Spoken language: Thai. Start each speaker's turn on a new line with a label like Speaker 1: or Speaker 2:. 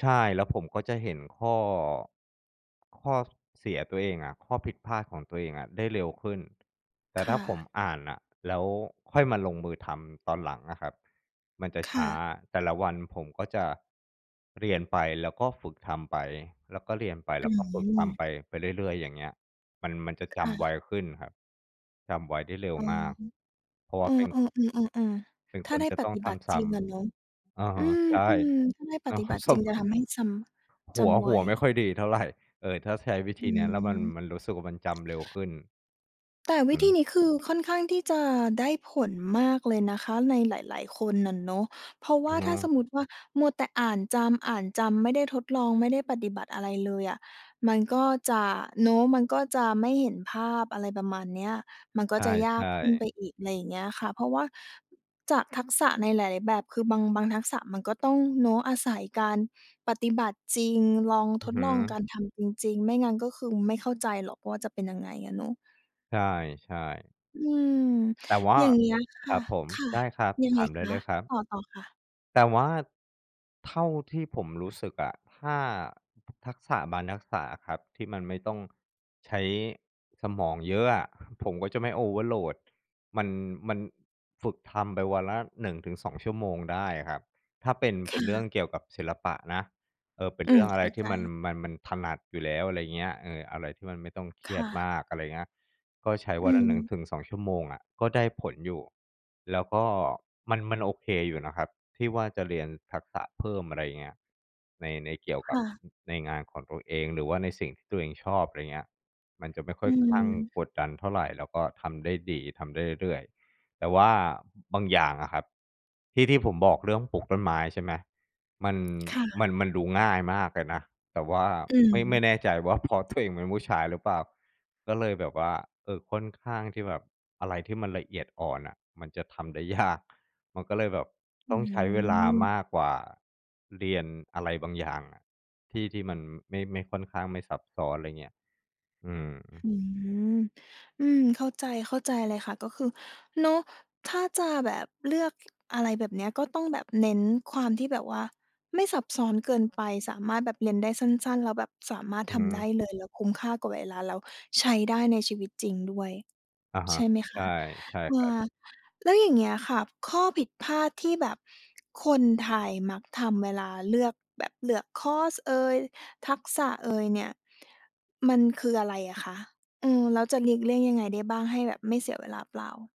Speaker 1: ใช่ แล้วผมก็จะเห็นข้อ ข้อเสียตัวเองอะ ข้อผิดพลาดของตัวเองอะได้เร็วขึ้น แต่
Speaker 2: ค
Speaker 1: ถ้า
Speaker 2: ่
Speaker 1: ผม
Speaker 2: ะ
Speaker 1: อ่านน่ะ แล้วค่อยมาลงมือทำตอนหลังอะครับ มันจะ
Speaker 2: ค
Speaker 1: ช
Speaker 2: ่
Speaker 1: ้า
Speaker 2: ะ
Speaker 1: แต่ละวันผมก็จะเรียนไป แล้วก็ฝึกทำไป แล้วก็เรียนไป แล
Speaker 2: อ
Speaker 1: ้วก็ฝึกท
Speaker 2: ืม
Speaker 1: ำไป ไปเรื่อย ๆ อย่างเงี้ย มัน มันจะจ
Speaker 2: ค่
Speaker 1: ำไว
Speaker 2: ะ
Speaker 1: ขึ้นครับ จำไวได้เร็ว
Speaker 2: อ๋อ
Speaker 1: มาก เพราะว
Speaker 2: เอ
Speaker 1: ่า
Speaker 2: อ
Speaker 1: เป็น
Speaker 2: ๆ ๆ ๆ
Speaker 1: เป็น
Speaker 2: ๆ ถ้
Speaker 1: ค
Speaker 2: า
Speaker 1: น
Speaker 2: ได้
Speaker 1: จะ
Speaker 2: ป
Speaker 1: ต้อ
Speaker 2: ฏ
Speaker 1: ง
Speaker 2: ิ
Speaker 1: ท
Speaker 2: บัติ
Speaker 1: ำซ
Speaker 2: จร
Speaker 1: ้
Speaker 2: ิงอะเนาะ
Speaker 1: ำ อะ
Speaker 2: อ
Speaker 1: ฮ
Speaker 2: ื
Speaker 1: ะ
Speaker 2: ม
Speaker 1: ใช่
Speaker 2: ๆ ถ้าได้ปฏิบัติจริง จะทำให้จำ
Speaker 1: ห
Speaker 2: จ
Speaker 1: ัว
Speaker 2: ำไ
Speaker 1: ห
Speaker 2: ว
Speaker 1: ัวไม่ค่อยดีเท่าไร เออ ถ้าใช้วิ
Speaker 2: อ
Speaker 1: ธ
Speaker 2: ื
Speaker 1: ีเนี้ย แล้วมัน มัน
Speaker 2: ม
Speaker 1: รู้สึกว่ามันจำเร็วขึ้น
Speaker 2: แต่
Speaker 1: อือ
Speaker 2: ว
Speaker 1: ฮ
Speaker 2: ิธี
Speaker 1: ึ
Speaker 2: นี้คือค่อนข้างที่จะได้ผลมากเลยนะคะ ในหลาย ๆ คนอะเนาะ เพราะว
Speaker 1: อื
Speaker 2: ่า
Speaker 1: อฮ
Speaker 2: ถ้า
Speaker 1: ึ
Speaker 2: สมมุติว่า มัวแต่อ่านจำ อ่านจำ ไม่ได้ทดลอง ไม่ได้ปฏิบัติอะไรเลยอะ มันก็จะเนาะ มันก็จะไม่เห็นภาพ อะไรประมาณเนี้ย มันก
Speaker 1: ใ
Speaker 2: ็
Speaker 1: ช
Speaker 2: จะยาก
Speaker 1: ่
Speaker 2: ขึ้นไ
Speaker 1: ๆ
Speaker 2: ป อีก อะไรอย่างเงี้ยค่ะ เพราะว่า จากทักษะในหลาย ๆ แบบคือ บาง บางทักษะมันก็ต้องเนาะ อาศัยการปฏิบัติจริง ลอง
Speaker 1: อื
Speaker 2: ท
Speaker 1: อ
Speaker 2: ด
Speaker 1: ฮึ
Speaker 2: ลองการทำจริง ๆ ไม่งั้นก็คือไม่เข้าใจหรอกว่าจะเป็นยังไงอะเนาะ
Speaker 1: ใช่ ๆ
Speaker 2: อืม
Speaker 1: แต่ว่า
Speaker 2: อย่าง เงี้ยค
Speaker 1: ค
Speaker 2: ่
Speaker 1: ร
Speaker 2: ะ
Speaker 1: ับผม
Speaker 2: ค่ะ
Speaker 1: ได้ครับ
Speaker 2: ยัง
Speaker 1: ถ
Speaker 2: ไง
Speaker 1: ามได
Speaker 2: ค
Speaker 1: ้เ
Speaker 2: ะ
Speaker 1: ลยครับ
Speaker 2: ต่อ ๆ ค่ะ
Speaker 1: แต่ว่าเท่าที่ผมรู้สึกอะ ถ้า ทักษะบางทักษะอะครับ ที่มันไม่ต้องใช้สมองเยอะอะ ผมก็จะไม่ Overload มัน มันฝึกทำไปวันละ 1-2 ชั่วโมงได้อะครับ ถ้าเป็น
Speaker 2: ค
Speaker 1: เป็
Speaker 2: ่
Speaker 1: นเรื่อ
Speaker 2: ะ
Speaker 1: งเกี่ยวกับศิลปะนะ เอ่อ เป็น
Speaker 2: อื
Speaker 1: เรื
Speaker 2: ม
Speaker 1: ่องอะ
Speaker 2: เข
Speaker 1: ไร
Speaker 2: ้า
Speaker 1: ที
Speaker 2: ใจ
Speaker 1: ่มัน มัน มันถนัดอยู่แล้ว อะไรอย่างเงี้ย เอ่อ อะไรที่มันไม่ต้องเคร
Speaker 2: ค
Speaker 1: ีย
Speaker 2: ่
Speaker 1: ด
Speaker 2: ะ
Speaker 1: มาก อะไรอย่างเงี้ย ก็ใช้
Speaker 2: อ
Speaker 1: ว
Speaker 2: ื
Speaker 1: ันละ หนึ่ง
Speaker 2: ม
Speaker 1: ถึงสอง ชั่วโมงอะ ก็ได้ผลอยู่ แล้วก็มัน มันโอเคอยู่นะครับ ที่ว่าจะเรียนทักษะเพิ่ม อะไรอย่างเงี้ย ใน ในเกี่ยว
Speaker 2: ค
Speaker 1: กั
Speaker 2: ่
Speaker 1: บ
Speaker 2: ะ
Speaker 1: ในงานของตัวเอง หรือว่าในสิ่งที่ตัวเองชอบ อะไรอย่างเงี้ย มันจะไม่ค่
Speaker 2: อ
Speaker 1: อ
Speaker 2: ื
Speaker 1: ยข้าง
Speaker 2: ม
Speaker 1: กดดันเท่าไร แล้วก็ทำได้ดี ทำได้เรื่อย ๆ แต่ว่าบางอย่างอะครับ ที่ ที่ผมบอกเรื่องปลูกต้นไม้ ใช่ไหม มัน
Speaker 2: ค่ะ
Speaker 1: มัน มันดูง่ายมากเลยนะ แต่ว่า
Speaker 2: อื
Speaker 1: ไม่ ไม
Speaker 2: ม
Speaker 1: ่แน่ใจว่า เพราะตัวเองเป็นผู้ชายหรือเปล่า ก็เลยแบบว่า เอ่อ ค่อนข้างที่แบบ อะไรที่มันละเอียดอ่อนน่ะ มันจะทำได้ยาก มันก็เลยแบบ
Speaker 2: อ
Speaker 1: ต
Speaker 2: ื
Speaker 1: ้องใช้เวลาม
Speaker 2: ม
Speaker 1: ากกว่าเรียนอะไรบางอย่างอะ ที่ ที่มันไม่ ไม่ค่อนข้างไม่ซับซ้อน อะไรอย่างเงี้ย อืม
Speaker 2: อืม อืม เข้าใจ เข้าใจเลยค่ะ ก็คือ เนาะ ถ้าจะแบบเลือก อะไรแบบเนี้ย ก็ต้องแบบเน้นความที่แบบว่าไม่ซับซ้อนเกินไปสามารถแบบเรียนได้สั้น ๆ แล้วแบบสามารถ
Speaker 1: อื
Speaker 2: ทำ ได
Speaker 1: ม
Speaker 2: ้เลย แล้วคุ้มค่ากับเวลา แล้วใช้ได้ในชีวิตจริงด้วย
Speaker 1: อะฮ
Speaker 2: ใช
Speaker 1: ะ
Speaker 2: ่ไหมค
Speaker 1: ใช
Speaker 2: ะ
Speaker 1: ่ ใช่
Speaker 2: เอ
Speaker 1: ครับ
Speaker 2: อ แล้วอย่างเงี้ยค่ะ ข้อผิดพลาดที่แบบ คนไทยมักทำเวลาเลือกแบบเลือกคอร์สเอย ทักษะ เอยเนี่ย มันคืออะไรอะคะ? เออ แล้วจะหลีกเลี่ยงยังไงได้บ้างให้แบบไม่เสียเวลาเปล่า?